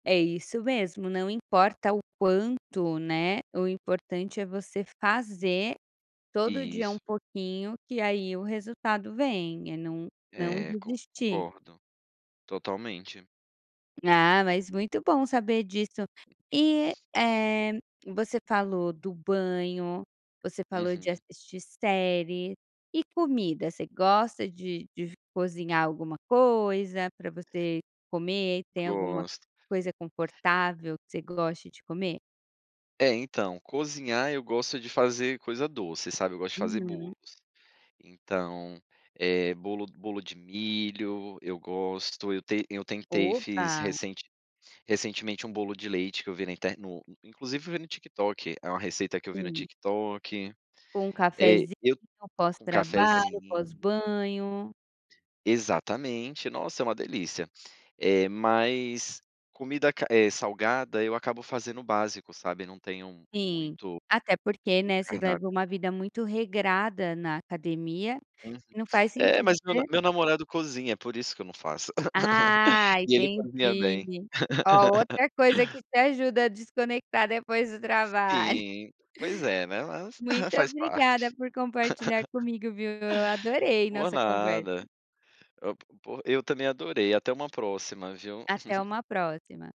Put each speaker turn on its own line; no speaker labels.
É isso mesmo, não importa o quanto, né, o importante é você fazer todo dia um
Isso.
pouquinho que aí o resultado vem, é não não
É,
desistir.
concordo. Totalmente.
Ah, mas muito bom saber disso. E, eh, você falou do banho, você falou de
Uhum.
assistir série, e comida você gosta de de cozinhar alguma coisa pra você comer, tem alguma
Gosto.
coisa confortável que você goste de comer?
É, então, cozinhar eu gosto de fazer coisa doce, sabe, eu gosto de fazer
Uhum.
bolos. Então, eh, bolo bolo de milho, eu gosto, eu ten eu tentei fiz
Oba.
recente recentemente um bolo de leite que eu vi na inter no inclusive eu vi no TikTok, é uma receita que eu vi no
Hum.
TikTok.
Com um
Eh,
cafezinho
eu
pós
com
trabalho,
cafezinho.
pós banho.
Exatamente. Nossa, é uma delícia, eh, mas comida ca eh, salgada eu acabo fazendo o básico, sabe, não tenho
Sim,
muito o
até porque, né, se
cardáp
leva uma vida muito regrada na academia
Uhum.
e não faz
É,
sentido.
mas meu na meu namorado cozinha, é por isso que eu não faço.
Ah,
E ele cozinha bem.
entendi. Ó, outra coisa que te ajuda a desconectar depois do trabalho.
Sim, pois é, né, mas
Muito
faz
obrigada
parte.
por compartilhar comigo, viu, eu adorei
Por
nossa conversa.
nada. Eu por eu também adorei, até uma próxima, viu.
Até uma próxima.